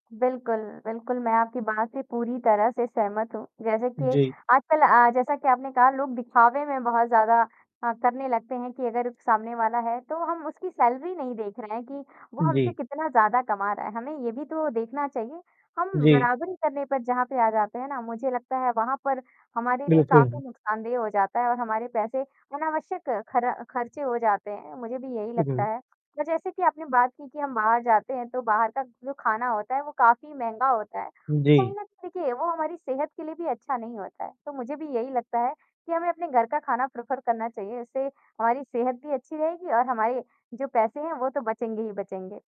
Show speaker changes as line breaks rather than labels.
बिल्कुल, बिल्कुल, मैं आपकी बात से पूरी तरह से सहमत हूँ। जैसे कि
जी।
आजकल अ, जैसा कि आपने कहा लोग दिखावे में बहुत ज़्यादा अ, करने लगते हैं कि अगर सामने वाला है, तो हम उसकी सैलरी नहीं देख रहे हैं, कि वो
उ,
हमसे
जी।
कितना ज़्यादा कमा रहा है, हमें ये भी तो देखना चाहिए। हम
जी।
बराबरी करने पर जहाँ पे आ जाते हैं ना, मुझे लगता है वहाँ पर हमारे लिए
बिल्कुल, हाँ।
काफ़ी नुकसानदेह हो जाते है और हमारे पैसे अनावश्यक खर खर्चे हो जाते हैं, मुझे भी यही
उ,
लगता
हुँ।
है। अ, जैसे कि आपने बात की, कि हम बाहर जाते हैं, तो बाहर का जो खाना होता है वो काफ़ी महँगा होता है, कहीं
जी।
ना देखिए, वो हमारी सेहत के लिए भी अच्छा नहीं होता है। तो मुझे भी यही लगता है, कि हमें अपने घर का खाना प्रेफर करना चाहिए, इससे हमारी सेहत भी अच्छी रहेगी और हमारे जो पैसे हैं वो तो बचेंगे ही बचेंगे।